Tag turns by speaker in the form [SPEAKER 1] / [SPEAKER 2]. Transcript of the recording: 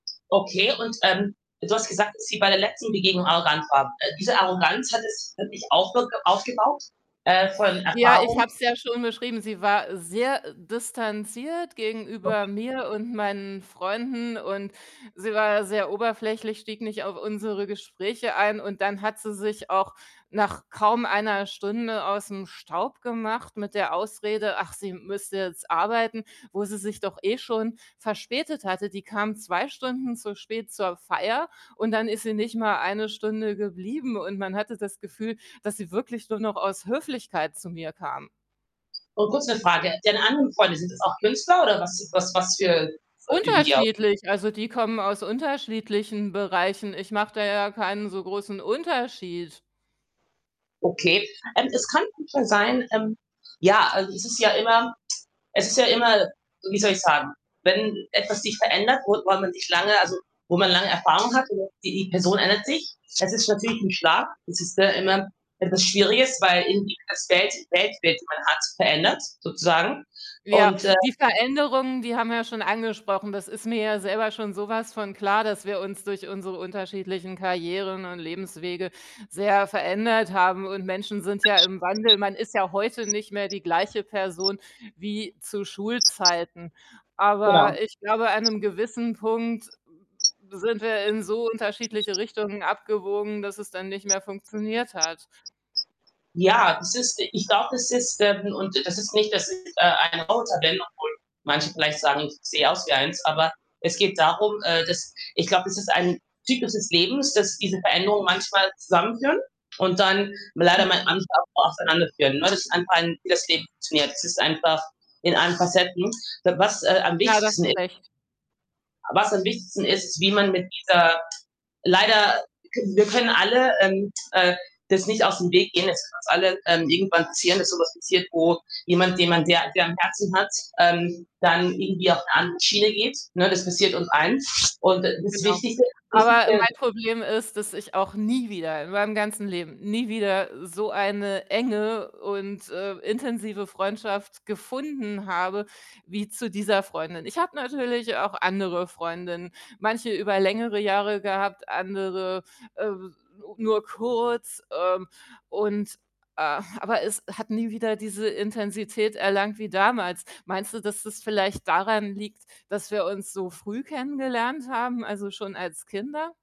[SPEAKER 1] Okay. Und, ähm, du hast gesagt, dass sie bei der letzten Begegnung arrogant war. Äh, diese Arroganz hat es wirklich aufge aufgebaut, äh, von
[SPEAKER 2] Ja, ich
[SPEAKER 1] Erfahrung.
[SPEAKER 2] habe es ja schon beschrieben, sie war sehr distanziert
[SPEAKER 1] [unintelligible]
[SPEAKER 2] gegenüber mir und meinen Freunden und sie war sehr oberflächlich, stieg nicht auf unsere Gespräche ein und dann hat sie sich auch nach kaum 1 Stunde aus'm Staub gemacht mit der Ausrede, ach, sie müsste jetzt arbeiten, wo sie sich doch eh schon verspätet hatte. Die kam 2 Stunden zu spät zur Feier und dann ist sie nicht mal 1 Stunde geblieben und man hatte das Gefühl, dass sie wirklich nur noch aus Höflichkeit zu mir kam.
[SPEAKER 1] Und kurz 'ne Frage. Deine anderen Freunde, sind das auch Künstler oder was was was für, äh, üben die au
[SPEAKER 2] Unterschiedlich, also, die kommen aus unterschiedlichen Bereichen. Ich mache da ja keinen so großen Unterschied.
[SPEAKER 1] Okay. Ähm, es kann schon so sein, ähm, ja also, es ist ja immer es ist ja immer, so wie soll ich sagen wenn etwas sich verändert, wo woran man sich lange also, wo man lange Erfahrung hat, [unintelligible] die die Person ändert sich. Es ist natürlich 'n Schlag. Es ist ja immer etwas Schwieriges, weil irgendwie das Geld Weltbild, die man hat, verändert sozusagen
[SPEAKER 2] Ja,
[SPEAKER 1] und, äh
[SPEAKER 2] die Veränderungen, die haben wir ja schon angesprochen, das ist mir ja selber schon so was von klar, dass wir uns durch unsere unterschiedlichen Karrieren und Lebenswege sehr verändert haben und Menschen sind ja im Wandel. Man ist ja heute nicht mehr die gleiche Person wie zu Schulzeiten.
[SPEAKER 1] Genau.
[SPEAKER 2] Aber ich glaube, an 'nem gewissen Punkt, äh, sind wir in so unterschiedliche Richtungen abgebogen, dass es dann nicht mehr funktioniert hat.
[SPEAKER 1] Ja, das ist ich glaube, das ist [unintelligible] und das ist nicht, dass es ein roter [unintelligible] obwohl manche vielleicht sagen, ich sehe aus wie eins, aber es geht darum, äh, dass ich glaube, es ist ein Zyklus des Lebens, dass diese Veränderungen manchmal zusammenführen und dann leider mal
[SPEAKER 2] Mhm.
[SPEAKER 1] [unintelligible] auch auseinander führen, ne? Das einfach ein, wie das Leben funktioniert. Es ist einfach in allen Facetten. Äh, was, äh, am
[SPEAKER 2] Ja, da hast
[SPEAKER 1] wichtigsten
[SPEAKER 2] du
[SPEAKER 1] i
[SPEAKER 2] recht.
[SPEAKER 1] Was am wichtigsten ist, wie man mit dieser leider, können wir können alle, ähm, äh, das nicht aus dem Weg gehen, es kann uns allen, ähm, irgendwann passieren, dass so etwas passiert, wo jemand, den man sehr sehr am Herzen hat, ähm, dann irgendwie auf 'ne andere Schiene geht, ne? Das passiert uns allen und d das
[SPEAKER 2] Genau.
[SPEAKER 1] Wichtigste,
[SPEAKER 2] Aber
[SPEAKER 1] wichtigste
[SPEAKER 2] mein Problem ist, dass ich auch nie wieder in meinem ganzen Leben, nie wieder so eine enge und, äh, intensive Freundschaft gefunden habe wie zu dieser Freundin. Ich habe natürlich auch andere Freundinnen, manche über längere Jahre gehabt, andere, äh, s nur kurz, ähm, und, äh aber es hat nie wieder diese Intensität erlangt wie damals. Meinst du, dass das vielleicht daran liegt, dass wir uns so früh kennengelernt haben, also, schon als Kinder?